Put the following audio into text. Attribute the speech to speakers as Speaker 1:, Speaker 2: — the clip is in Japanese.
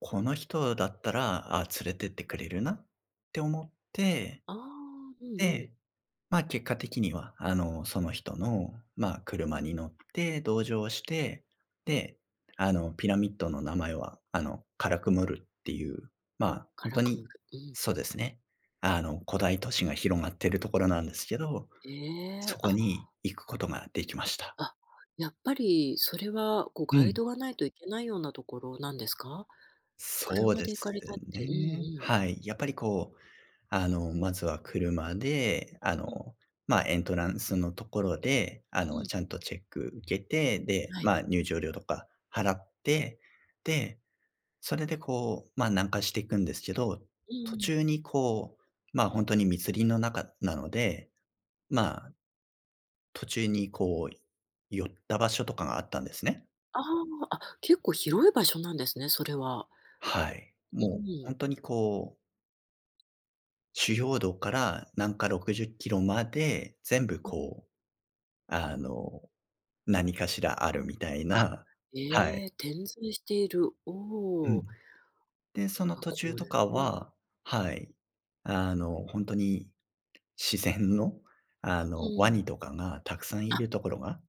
Speaker 1: この人だったら、あ、連れてってくれるなって思って、
Speaker 2: ああ、うんうん。
Speaker 1: で、まあ、結果的には、あの、その人の、まあ、車に乗って、同乗して、で、あの、ピラミッドの名前は、あの、カラクムルってゆう、まあ、ほ
Speaker 2: カ
Speaker 1: ん
Speaker 2: ラ
Speaker 1: と
Speaker 2: クム
Speaker 1: に
Speaker 2: ル、うん。
Speaker 1: そうですね、あの、古代都市が広がってるところなんですけど、
Speaker 2: え
Speaker 1: そ
Speaker 2: え、
Speaker 1: こ
Speaker 2: あ。
Speaker 1: に行くことができました。
Speaker 2: あ、やっぱりそれは、こう、
Speaker 1: う
Speaker 2: ガイ
Speaker 1: ん。
Speaker 2: ドがないと行けないようなところなんですか？
Speaker 1: そう
Speaker 2: 車
Speaker 1: で
Speaker 2: で行か
Speaker 1: す
Speaker 2: れたってうん
Speaker 1: ね。
Speaker 2: うん。
Speaker 1: はい。やっぱり、こう、あの、まずは車で、あ
Speaker 2: うん。
Speaker 1: の、まあ、エントランスのところで、あ
Speaker 2: う
Speaker 1: の、
Speaker 2: ん。
Speaker 1: ちゃんとチェック受けて、で、
Speaker 2: はい。
Speaker 1: ま、入場料とか払って、で、それで、こう、ま、南下していくんですけど、
Speaker 2: うん
Speaker 1: 途
Speaker 2: うん。
Speaker 1: 中に、こう、ま、ほんとに密林の中なので、まあ、途中に、こう、寄った場所とかがあったんですね。
Speaker 2: ああ、あ、結構広い場所なんですね、それは。
Speaker 1: はい、
Speaker 2: う
Speaker 1: もう
Speaker 2: ー
Speaker 1: ほん
Speaker 2: ん。
Speaker 1: とに、こう主要道から南下60キロまで、全部、
Speaker 2: うん。
Speaker 1: こう、あの、何かしらあるみたい
Speaker 2: あ、
Speaker 1: な、はい。
Speaker 2: ええ、点在している。お
Speaker 1: うん。
Speaker 2: お。
Speaker 1: で、その
Speaker 2: あ、
Speaker 1: 途中
Speaker 2: これ
Speaker 1: とか
Speaker 2: うんうん。
Speaker 1: は、はい、あの、ほんとに自然の、あ
Speaker 2: う
Speaker 1: の、ワ
Speaker 2: ーん。
Speaker 1: ニとかがたくさんい
Speaker 2: あ。
Speaker 1: るところが